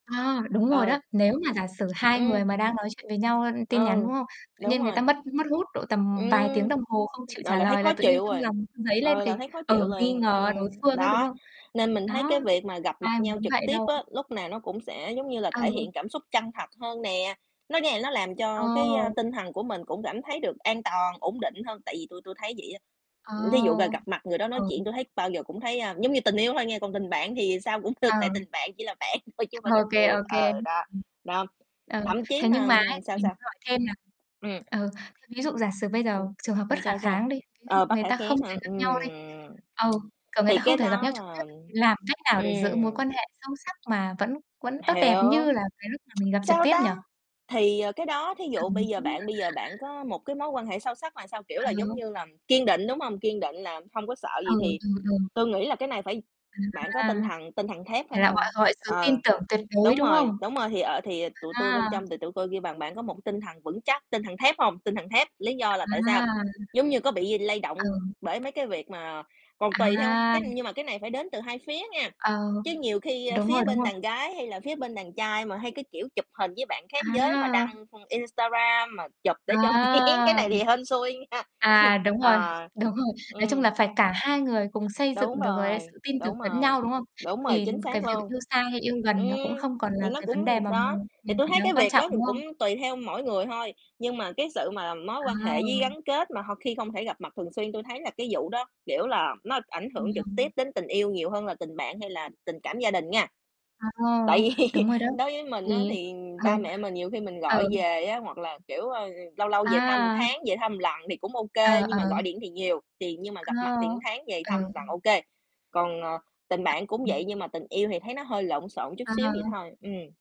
À, đúng rồi Ờ. đó, nếu mà giả sử hai người Ưm. mà đang nói chuyện với nhau, ơ, tin nhắn, đúng Ừ, không? Tự đúng nhiên người ta rồi. mất mất hút độ tầm vài tiếng Ưm, đồng hồ không chịu ờ, trả là thấy lời là khó tự nhiên chịu trong rồi, lòng dấy lên ờ, cái là thấy khó ờ, chịu nghi liền, ngờ đối ừm. phương ấy, đúng Đó, không? nên mình thấy Đó, cái việc mà gặp mặt ai nhau muốn trực vậy tiếp đâu. á, lúc nào nó cũng sẽ, giống như là, thể hiện Ừ. cảm xúc chân thật hơn nè, nó nghe nó làm Ờ. cho cái, a, tinh thần của mình cũng cảm thấy được an toàn, ổn định hơn tại vì tui tui thấy vậy á. À, Ưm, thí dụ ra gặp mặt người đó nói ừ. chuyện, tui thấy bao giờ cũng thấy, a giống như tình yêu thôi nghe, còn tình bạn thì sao cũng được, Ờ. tại tình bạn chỉ là bạn thôi chứ không phải Ô tình kê, yêu, ô kê. ờ, đó. Đó, Ừ, thậm chí thế mà, nhưng mà ấy, ừm sao, mình sao? muốn hỏi thêm là Ừm. ừ, thế ví dụ giả sử bây giờ Ừm, trường hợp bất làm khả sao, sao? kháng đi, ví dụ Ờ, bất người khả ta không kháng thể hả? gặp nhau đi, Ừm, ừ, kiểu, người thì ta không cái thể gặp nhau đó trực tiếp là thì làm cách nào để giữ mối ừm. quan hệ sâu sắc mà vẫn vẫn tốt đẹp Hiểu, như là cái lúc mà mình gặp trực sao tiếp nhỉ? ta, thì, ờ, cái đó thí dụ bây giờ bạn [unintelligible] bây giờ bạn có một cái mối quan hệ sâu sắc là sao, kiểu À là giống [unintelligible] như là kiên định, đúng không? Kiên định là không có sợ Ừ, gì, thì ừm, ừm. tôi nghĩ là cái này phải bạn có À, tinh thần tinh thần thép phải này là hông? gọi gọi sự tin Ờ, tưởng tuyệt đối, đúng đúng rồi, không? đúng rồi, thì ợ thì, ờ, tụi tui bên A! trong thì tụi tôi kêu bằng bạn có một cái tinh thần vững chắc, tinh thần thép hông? Tinh thần thép, lý do là tại sao? À! Giống như có bị lay Ừ. động bởi mấy cái việc mà còn tùy theo À! cái, nhưng mà cái này phải đến từ hai phía nha, Ờ, chứ nhiều khi, ơ, đúng rồi, phía đúng bên rồi. đàng gái hay là phía bên đàng trai mà hay cái kiểu chụp hình với bạn khác giới mà À! đăng không Instagram, mà chụp để cho À! cái này thì hên xui nha, À, đúng rồi, ờ, đúng rồi. Nói chung ừm. là phải cả hai người cùng xây dựng Đúng được, gọi là, rồi, sự tin tưởng đúng lẫn rồi, nhau, đúng không? đúng rồi, Thì chính cái xác việc luôn. yêu xa hay yêu gần nó cũng Ừm, không còn thì là nó cái vấn đề cũng mà đó, mình thì mình tui phải thấy đáng cái quan việc trọng, đó thì đúng không? cũng tùy theo mỗi người thôi, nhưng mà cái sự mà mối quan hệ với Ừ. gắn kết mà ho khi không thể gặp mặt thường xuyên, tui thấy là cái vụ đó, kiểu là, nó ảnh hưởng trực tiếp [unintelligible] đến tình yêu nhiều hơn là tình bạn hay là tình cảm gia đình nha. À, Tại vì đúng rồi đó, đối với mình á, thì thì ừ. ba mẹ mình nhiều khi mình gọi Ừ. về á hoặc là, kiểu, ơ, ừ, lâu lâu về thăm một À! tháng, về thăm một lần thì cũng ô Ờ, kê, nhưng mà ờ. gọi điện thì nhiều, thì nhưng mà gặp Ờ, mặt thì một tháng về ờ. thăm lần ô kê. Còn, ờ, tình bạn cũng vậy [unintelligible] nhưng mà tình yêu thì thấy nó hơi lộn xộn chút xíu vậy À. thôi, ừm.